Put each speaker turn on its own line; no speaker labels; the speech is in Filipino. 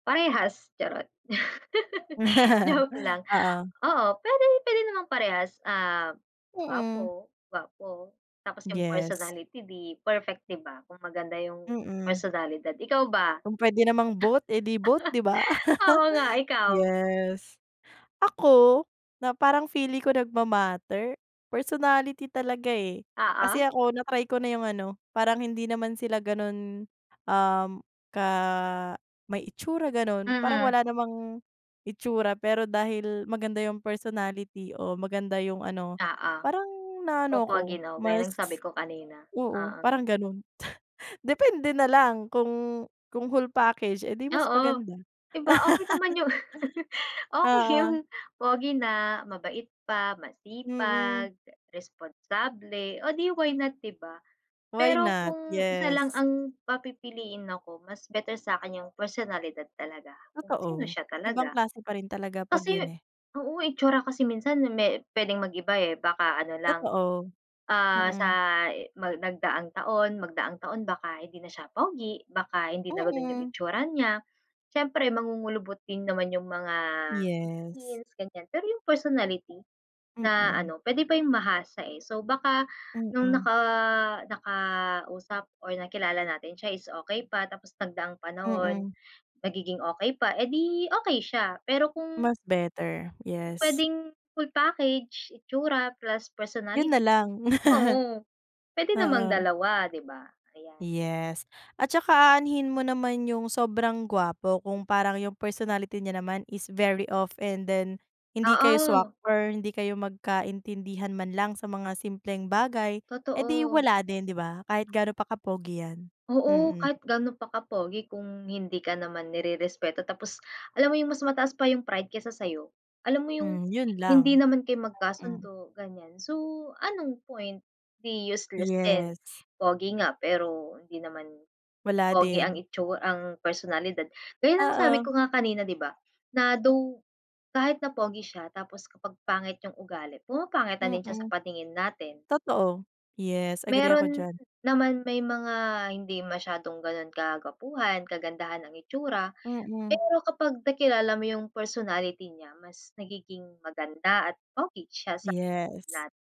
Parehas, charot. Joke lang,
Oo.
oo, pwedeng piliin namang parehas, num,
Mm.
gwapo, gwapo, tapos yung
Yes.
personality di perfect, di ba? Kung maganda yung
Mm.
personalidad. Ikaw ba?
Kung puwede namang both, eh di, both, di ba?
Oo, nga. Ikaw?
Yes, ako na parang feeling ko nagma-matter, personality talaga, eh.
Oo.
Kasi ako na-try ko na yung ano, parang hindi naman sila ganun, um, ka may itsura, ganon. Parang
Mhm.
wala namang itsura, pero dahil maganda yung personality o maganda yung ano
Oo.
parang na ano ako
Popogi, no, gaya
mas
ng sabi ko kanina,
oo,
oo.
parang ganun. T depende na lang kung kung whole package, eh di, mas
Oo.
maganda.
Di ba, okey naman yung okey
Oo.
yun pogi na mabait pa,
Mm.
masipag, eh, responsable. Oh, di why not di ba?
Why
Pero
not?
kung isa lang
Yes.
ang papipiliin ako mas better sa'kin yung personalidad talaga, kung sino
Totoo,
siya
ibang
talaga.
klase pa rin talaga 'pag
Kasi
yun, eh.
oo, itsura kasi minsan me pwedeng mag-iba, eh. Baka ano lang,
Totoo,
ah, sa
mm.
i mag nagdaang taon, magdaang taon baka hindi na siya pogi, baka hindi na ganun yung
Mm.
itsura niya. Siyempre, mangungulubot din naman yung mga
Yes.
skins, ganyan. Pero yung personlity na
Mm.
ano puwede pa yung mahasa, eh. So, baka nung
Mm.
naka nakausap or nakilala natin siya is okey pa, tapos nagdaang panahon,
Mm.
nagiging okey pa, edi, okey siya. Pero kung
Mas better, yes.
Pu-pwedeng full package, itsura plus
Yun na
personality,
lang,
oo, pwede namang
oo.
dalawa, di ba? Ayan.
Yes, at tsaka aanhin mo naman yung sobrang gwapo, kung parang yung personality niya naman is very off and then hindi kayo swak
Oo.
or hindi kayo magkaintindihan man lang sa mga simpleng bagay. Eh, di
Totoo.
wala din, di ba? Kahit gaano pa ka-pogi yan,
Oo.
mm.
Kahit gaano pa ka-pogi kung, hindi ka naman nirerespeto. Tapos alam mo 'yong mas mataas pa 'yung pride kaysa sa'yo. Alam mo, yung
Hmm, yun
hindi
lang,
naman kayo
hmm.
magkasundo, ganyan. So, anong point? Di useless din.
Yes.
Pogi nga pero hindi naman
Wala
pogi ang
din.
itsu ang personalidad. Gaya ng sabi
Oo.
ko nga kanina, di ba? Na though, kahit na pogi siya, tapos kapag pangit yong ugali, pumapangit na din siya
Mm.
sa paningin natin.
Totoo, yes, agree ako
Meron
diyan.
naman may mga hindi masyadong ganon kagwapuhan, kagandahan ang itsura.
Mm.
Pero kapag nakilala mo yung personality niya, mas nagiging maganda at pogi siya sa
Yes.
lat